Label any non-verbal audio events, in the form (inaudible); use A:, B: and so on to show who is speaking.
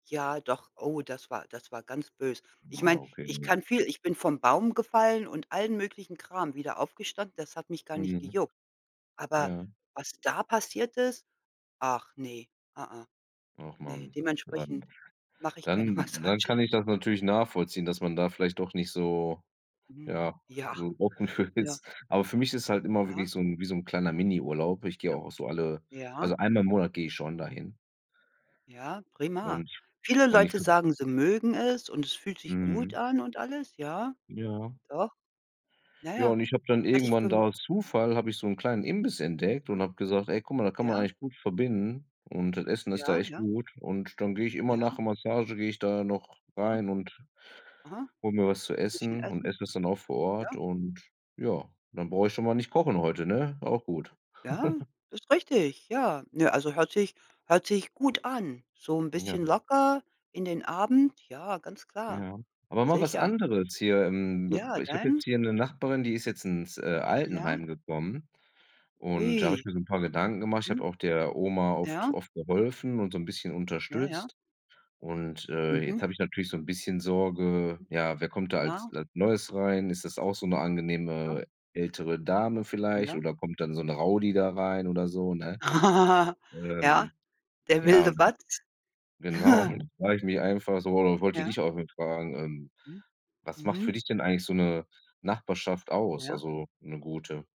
A: Ja, doch. Oh, das war das war ganz böse. Ich meine,
B: Wow, okay
A: ich
B: nur
A: kann viel ich bin vom Baum gefallen und allen möglichen Kram wieder aufgestanden. Das hat mich gar nicht
B: Mhm.
A: gejuckt. Aber
B: Ja.
A: was da passiert ist? Ach ne, a a.
B: Och
A: Ne,
B: Mann,.
A: dementsprechend
B: (unintelligible)
A: mache ich keine
B: Dann dann
A: Massagen.
B: kann ich das natürlich nachvollziehen, dass man da vielleicht doch nicht so
A: Mhm.
B: ja,
A: Ja,
B: so offen für
A: ja.
B: ist. Aber für mich ist halt immer
A: Aha.
B: wirklich so 'n wie so 'n kleiner Miniurlaub. Ich gehe
A: Ja.
B: auch so alle
A: Ja.
B: also einmal im Monat gehe ich schon da hin.
A: Ja, prima.
B: Und
A: Viele
B: und ich
A: Leute
B: v
A: sagen, sie mögen es und es fühlt sich gut
B: Mhm.
A: an und alles. Ja,
B: Ja.
A: doch. Na
B: Ja,
A: ja.
B: und ich habe dann
A: Hatte ich
B: irgendwann da
A: vom
B: aus Zufall, habe ich so 'n kleinen Imbiss entdeckt und
A: A
B: habe gesagt: „Ey guck mal, da kann man
A: ja.
B: eigentlich gut verbinden und das Essen ist da
A: Ja,
B: echt
A: ja.
B: gut.“ Und dann gehe ich immer
A: Ja.
B: nach der Massage, gehe ich da noch
A: Mhm.
B: rein und
A: Aha.
B: hole mir was zu
A: Bisschen
B: essen und
A: essen.
B: esse es dann auch vor Ort
A: Ja.
B: und ja, dann brauche ich schon mal nicht kochen heute, ne? Auch gut.
A: Ja.
B: (chuckles)
A: Das richtig. Ja, nö, also hört sich hört sich gut an. So 'n
B: M ja.
A: bisschen locker in den Abend. Ja, ganz klar.
B: Ja. Aber mal was
A: Sicher.
B: anderes hier im bib
A: Ja,
B: ich habe jetzt
A: dein
B: hier 'ne Nachbarin, die ist jetzt ins, äh,
A: Ja.
B: Altenheim gekommen, und da habe
A: Ui.
B: ich mir so 'n paar Gedanken gemacht. Ich habe
A: Mhm.
B: auch der Oma oft
A: Ja.
B: oft geholfen und so 'n bisschen
A: Ja, ja.
B: unterstützt. Und, äh,
A: Mhm.
B: jetzt habe ich natürlich so 'n bisschen Sorge: „Ja, wer kommt da als
A: Ja.
B: als Neues rein? Ist das auch so 'ne
A: Ja.
B: angenehme ältere Dame vielleicht
A: Ja.
B: oder kommt dann so 'n Rowdy da rein oder so“, ne?
A: (laughs) Ja,
B: Ähm.
A: der
B: Ja,
A: wilde
B: (unintelligible)
A: Watz.
B: genau,
A: (chuckles)
B: da frage ich mich einfach so oder wollte
A: Ja.
B: dich auch mal fragen, ähm,
A: Mhm.
B: was macht für
A: Mhm.
B: dich denn eigentlich so
A: Hm.
B: 'ne Nachbarschaft aus
A: Ja.
B: also 'ne gute?